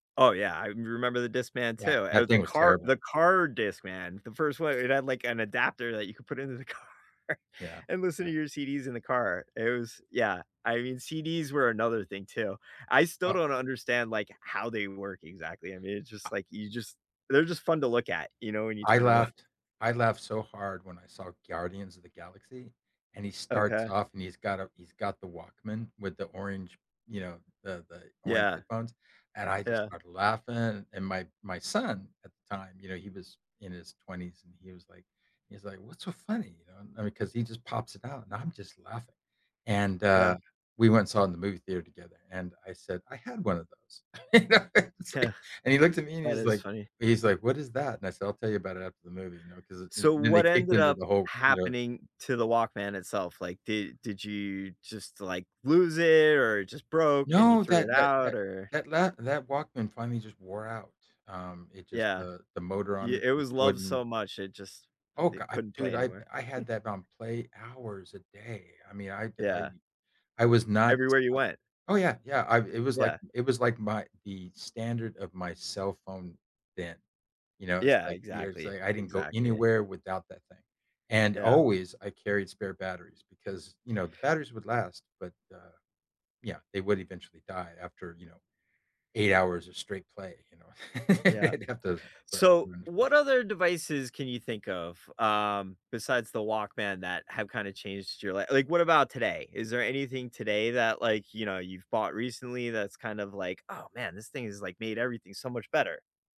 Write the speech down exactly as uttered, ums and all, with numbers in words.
Oh, yeah, I m remember the Discman too. Yeah. Uh, That the thing was car terrible. the car Discman, the first one, it had, like, an adapter that you could put into the car Yeah, and listen yeah. to your CDs in the car, it was yeah. I mean, CDs were another thing, too. I still Uh don't understand, like, how they work exactly. I mean, it's A just, like you just they're just A fun to look at, you know, when you I turn them on. laughed I laughed so hard when I saw Guardians of the Galaxy, and he starts Okay. off, and he's got a he's got the Walkman with the orange you know, the the orange Yeah. headphones, and I just Yeah. started laughing, and my my son, at the time, you know, he was in his twenties, and he was like he's like, "What's so funny?" You know? I mean, 'cause he just pops it out, and I'm just laughing, and, Yeah. uh, we went and saw in the movie theater together, and I said, "I had one of those." You know, it's like and he looked at me and That he's is like funny. he's like, "What is that?" And I said, "I'll tell you about it after the movie," you know? 'Cause th So, then they what kicked ended into up the whole, you know happening to the Walkman itself? Like, did did you just, like, lose it or it just broke and you No, threw that it that out? that Or that la that Walkman finally just wore out. Um, it just Yeah. the the motor on Ye it it just was loved wouldn't so much, it just Oh, i go it I couldn't dude, play I anymore. I had that on play hours a day. I mean, I d I Yeah. I was not Everywhere you I went. Oh, yeah, yeah, I it was like Yeah. it was like my the standard of my cell phone then, you know? It's Yeah, like you know what I'm saying? exactly, It's like, I didn't go exactly. anywhere without that thing, and, Yeah. always, I carried spare batteries because, you know, the batteries would last, but, uh, yeah, they would eventually die after, you know, eight hours of straight play, you know, Yeah. it'd have those So, [unintelligible] what other devices can you think of, um, besides the Walkman that have kinda changed your li like, what about today? Is there anything today that, like, you know, you've bought recently that's kind of like, "Oh, man. This thing has, like, made everything so much better."